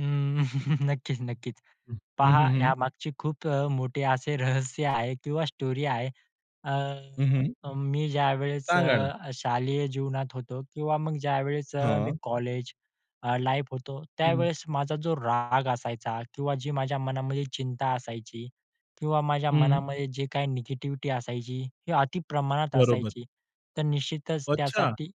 हं, नक्कीच-नक्कीच हं, हं, पहा, हं, हं. यामागची खूप अ, मोठे असे रहस्य आहे किंवा स्टोरी आहे. हं, हं. अ, मी ज्यावेळेस सांगा ना? अ, शालेय जीवनात होतो किंवा मग ज्यावेळेस अ, मी हां. कॉलेज लाईफ मध्ये होतो. हं. त्यावेळेस माझा जो राग असायचा किंवा जी माझ्या मनामध्ये चिंता असायची किंवा माझ्या हं. मनामध्ये जे काही निगेटिव्हिटी असायची ती अतिप्रमाणात बरोबर. असायची, तर निश्चितच अच्छा. त्यासाठी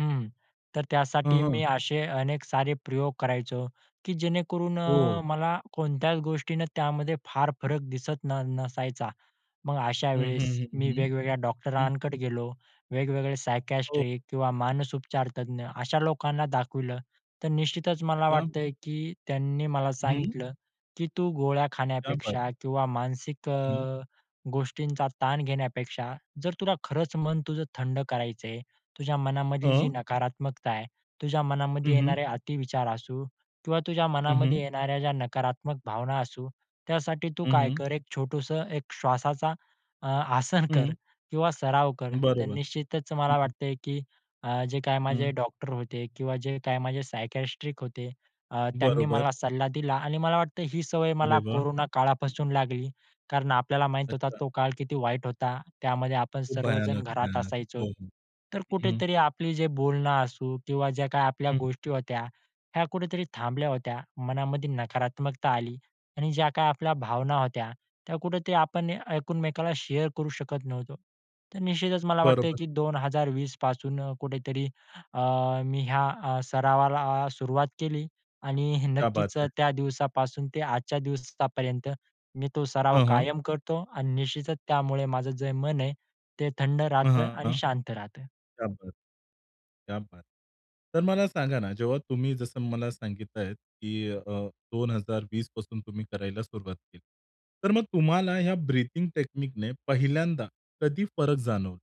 हं, तर हं, त्यासाठी मी हं. असे अनेक सारे प्रयोग करायचो की जेणेकरून हो. अ, मला कोणत्याच गोष्टीने त्यामध्ये फार फरक दिसत न नसायचा. मग अशा हं, वेळेस हं, हं, मी हं, वेगवेगळ्या हं. डॉक्टरांकडे गेलो. वेगवेगळे सायकायट्रिस्ट हो. किंवा मानस उपचार तज्ञ अशा लोकांना दाखवलं, तर निश्चितच मला क्या वाटतंय की त्यांनी मला हं. सांगितलं की तू गोळ्या क्या बात. खाण्यापेक्षा किंवा मानसिक हं. अ, गोष्टींचा ताण घेण्यापेक्षा जर तुला खरंच तुझं थंड करायचंय. तुझ्या मनामधली जी हां. नकारात्मकता आहे, तुझ्या हं, मनामध्ये हं. येणारे अतिविचार असू किंवा तुझ्या हं, हं. मनामध्ये येणाऱ्या ज्या नकारात्मक भावना असू, त्यासाठी तू हं, काय हं. कर, एक छोटसं एक श्वासाचा, अ, आसन कर हं. किंवा सराव कर. तर बरोबर, निश्चितच मला हं. वाटतंय की अ, जे अ, काही माझे हं. डॉक्टर होते किंवा जे काही माझे सायकायट्रिस्ट होते अ, त्यांनी बरोबर. मला सल्ला दिला आणि मला वाटतं ही सवय मला अरे वाह! कोरोना काळापासून लागली, कारण आपल्याला माहीत होता, अच्छा. तो काळ किती वाईट होता. त्यामध्ये आपण खूप सर्वजण भयानक, घरात भयानक. असायचो. हो, हो. तर हं. कुठेतरी आपली जे बोलणं असू किंवा ज्या काही आपल्या हं. गोष्टी होत्या, ह्या कुठेतरी थांबल्या होत्या. मनामध्ये नकारात्मकता आली आणि ज्या काही आपल्या भावना होत्या, त्या कुठेतरी आपण एकमेकाला शेअर करू शकत नव्हतो. तर निश्चितच मला वाटतंय बरोबर. की 2020 पासून कुठेतरी अ, मी ह्या अ, सरावाला सुरुवात केली आणि क्या बात नक्कीच अ, है. त्या दिवसापासून ते आजच्या दिवसापर्यंत मी तो सराव हं, हं. कायम करतो आणि निश्चितच त्यामुळे माझं जे मन आहे ते थंड अ, राहतं आणि हां, शांत राहतं. क्या बात, क्या बात. तर मला सांगा ना जेव्हा तुम्ही जसं मला सांगितलं आहे की अ, 2020 पासून तुम्ही करायला सुरुवात केली. तर मग तुम्हाला या ब्रीदींग टेकनीकने पहिल्यांदा कधी फरक जाणवलं?